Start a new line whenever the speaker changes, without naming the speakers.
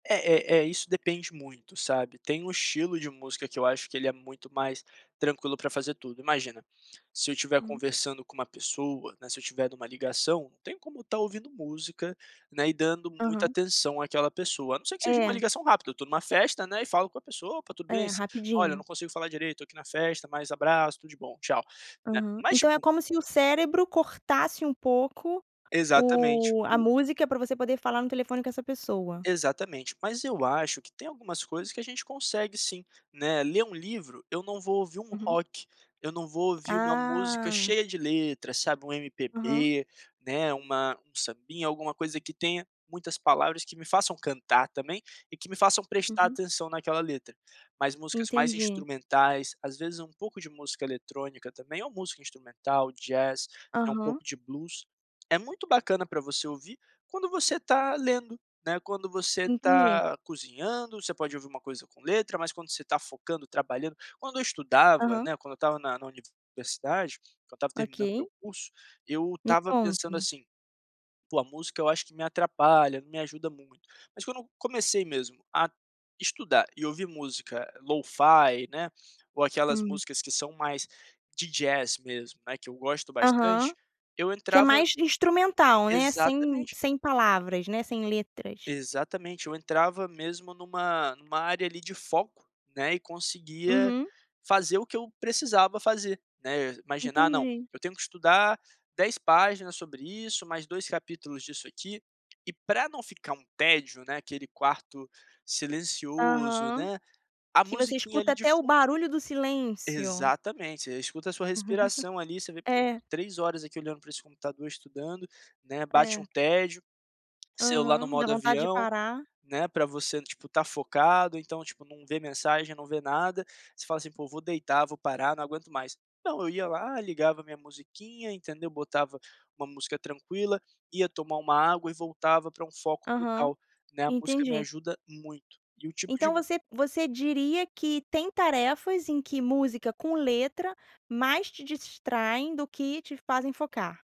É, eh eh, isso depende muito, sabe. Tem um estilo de música que eu acho que ele é muito mais tranquilo pra fazer tudo. Imagina, se eu tiver
Hum.
conversando com uma pessoa, né, se eu tiver numa ligação, não tem como estar ouvindo música, né, e dando muita
Aham.
atenção àquela pessoa, a não ser que seja uma
É.
ligação rápida, eu tô numa festa, né, e falo com a pessoa "Opa, tudo
É,
bem, si olha eu não
rapidinho.
consigo falar direito, tô aqui na festa, mas abraço, tudo de bom, tchau", né.
Aham.
Mas
Então é
tipo
como se o cérebro cortasse um pouco
Exatamente,
o a
o
música pra você poder falar no telefone com essa pessoa?
Exatamente. Mas eu acho que tem algumas coisas que a gente consegue sim, né. Ler um livro eu não vou ouvir um
Uhum.
rock, eu não vou ouvir uma música
Ah.
cheia de letra, sabe, um
Aham.
MPB, né uma um sambinha, alguma coisa que tenha muitas palavras que me façam cantar também e que me façam prestar
Uhum.
atenção naquela letra, mas músicas mais
Entendi.
instrumentais, às vezes um pouco de música eletrônica também, ou música instrumental, jazz, eh, um
Aham.
pouco de blues, é muito bacana pra você ouvir quando você tá lendo, né, quando você
Entendi.
tá cozinhando, você pode ouvir uma coisa com letra, mas quando você tá focando, trabalhando quando eu estudava,
Aham.
né, quando eu estava na na universidade, quando eu estava terminando o meu
Ok.
curso, eu
Me
estava pensando
conta.
assim: "Poxa, a música eu acho que me atrapalha, me ajuda muito". Mas quando eu comecei mesmo a estudar e ouvir música LoFi, né, ou aquelas
Hum.
músicas que são mais de jazz mesmo, né, que eu gosto
Aham.
bastante, eu
Que é
entrava
mais instrumental, né, sem
exatamente.
sem palavras, né, sem letras.
Exatamente. Eu entrava mesmo numa numa área ali de foco, né, e conseguia
Uhum.
fazer o que eu precisava fazer, né. Imagina, ah, não,
Entendi.
eu tenho que estudar 10 páginas sobre isso, mais 2 capítulos disso aqui e pra não ficar um tédio, né, aquele quarto silencioso,
Aham.
né, a
Que você
musiquinha
escuta
ali de
até o
fun
barulho do silêncio.
Exatamente. Você escuta a sua respiração ali, você vê [unintelligible]
É.
3 horas aqui olhando pra esse computador estudando, né, bate
É.
um tédio, celular no
Aham, dá
modo
vontade de
avião,
parar.
né, pra você, tipo, estar focado então, tipo, não vê mensagem, não vê nada, você fala assim "Poxa, vou deitar, vou parar não aguento mais". Não eu ia lá, ligava a minha musiquinha, entendeu, botava uma música tranquila, ia tomar uma água e voltava pra um foco
Aham.
total, né, a música me
Entendi.
ajuda muito. E o tipo de
Então
mu
você você diria que tem tarefas em que música com letra mais te distraem do que te fazem focar?